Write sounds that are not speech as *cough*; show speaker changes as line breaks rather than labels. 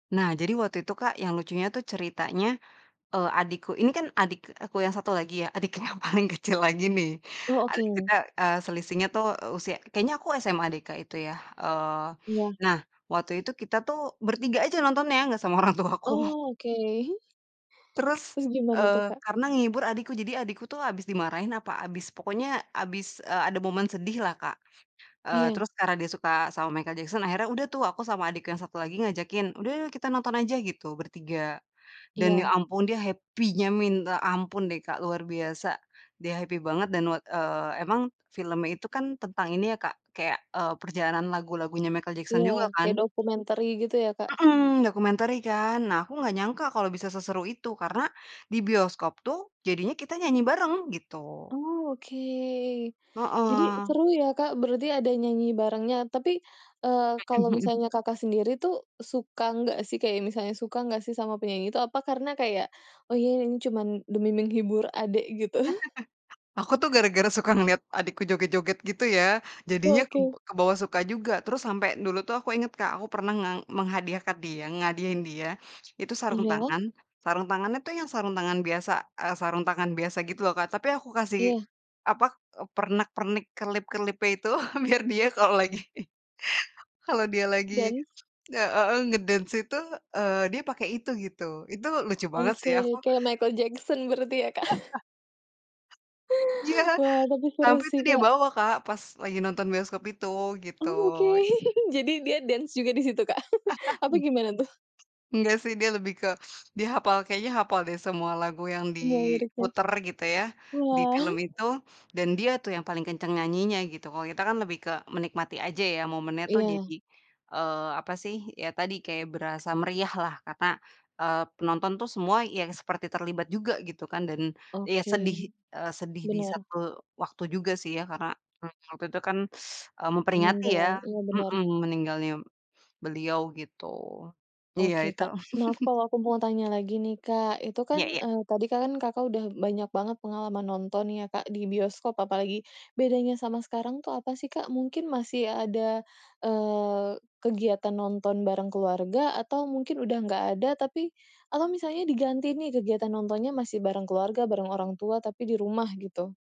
Nah, jadi waktu itu, Kak, yang lucunya tuh ceritanya, eee, adikku ini kan adik aku yang 1 lagi ya, adik yang paling kecil lagi nih.
Oh,
Adik
oke.
kita, eee, selisihnya tuh, eee, usia kayaknya aku SMA deh, Kak, itu ya. Eee,
Iya.
nah, waktu itu kita tuh bertiga aja nonton ya gak sama orang tuaku.
Oh, oke hi
Terus,
Terus gimana tuh,
eee,
Kak?
karena ngehibur adikku, jadi adikku tuh habis dimarahin apa habis pokoknya habis, eee, ada momen sedihlah, Kak. Eee,
Iya.
terus karena dia suka sama Michael Jackson akhirnya udah tuh, aku sama adik yang 1 lagi ngajakin, "Udah yuk kita nonton aja, gitu bertiga." Dan ya
Iya.
ampun dia happy-nya minta ampun deh, Kak, luar biasa, dia happy banget dan wat eee, emang filmnya itu kan tentang ini ya, Kak, kayak, eee, perjalanan lagu-lagunya Michael Jackson
Iya.
juga
Kayak
kan.
documentary gitu ya, Kak.
Mhm. Documentary kan. Nah aku gak nyangka kalo bisa seseru itu karena di bioskop tuh jadinya kita nyanyi bareng gitu.
Oh oke. Jadi,
Heeh.
seru ya, Kak, berarti ada nyanyi barengnya. Tapi, eee,
Mhm
kalau
mhm.
misalnya Kakak sendiri tuh suka enggak sih, kayak misalnya suka nggak sih sama penyanyi itu? Apa karena kayak, "Oh iya ini cuman demi menghibur adek," gitu. *chuckles*
*chuckles* Aku tuh gara-gara suka ngeliat adikku joget-joget gitu ya. Jadinya keb
Oke.
kebawa suka juga. Terus sampe dulu tuh aku inget, Kak, aku pernah ngeng menghadiahkan dia ngehadiahkan dia. Itu sarung
Iya.
tangan, sarung tangannya itu yang sarung tangan biasa eee, sarung tangan biasa gitu loh, Kak, tapi aku kasih
Iya.
apa, eee, pernak pernik kelip-kelipnya itu *chuckles* biar dia kalau lagi, *chuckles* kalau dia lagi
Dance.
nge heeh, nge-dance itu, eee, dia pakai itu gitu, itu lucu banget sih ya,
Oke.
aku
Kayak Michael Jackson berarti ya, Kak. *chuckles*
*laughs* Iya.
Wah tapi seru
Sampai itu
sih,
dia
Kak.
bawa, Kak, pas lagi nonton bioskop itu, gitu.
Oh, oke. *chuckles* Jadi dia dance juga di situ, Kak? *chuckles* Apa
*unintelligible*
gimana tuh?
Engga sih dia lebih ke dihapal, kayaknya hapal deh semua lagu yang
Semua liriknya.
diputer gitu ya, di
Wah.
film
*chuckles*
itu. Dan dia tuh yang paling kenceng nyanyinya gitu. Kalau kita kan lebih ke menikmati aja ya momennya tuh, jadi,
Iya.
eee, apa sih, ya tadi kayak berasa meriahlah karena, eee, penonton tuh semua yang seperti terlibat juga gitu kan dan iya
Oke.
sedih, eee, sedih di
Benar.
satu waktu juga sih ya karena, eee, waktu itu kan, *sucks teeth* eee, memperingati
Meninggal,
ya,
iya benar.
mhm, meninggalnya beliau gitu. Iya
Oke,
itu.
Kak. Nah aku,
*chuckles*
kalau aku mau tanya lagi nih, Kak, itu
Iya
kan,
iya.
eee, tadi kan Kakak udah banyak banget pengalaman nonton ya, Kak, di bioskop apalagi, bedanya sama sekarang tuh apa sih, Kak? Mungkin masih ada, eee, kegiatan nonton bareng keluarga atau mungkin udah nggak ada tapi atau misalnya diganti nih kegiatan nontonnya masih bareng keluarga, bareng orang tua tapi di rumah gitu?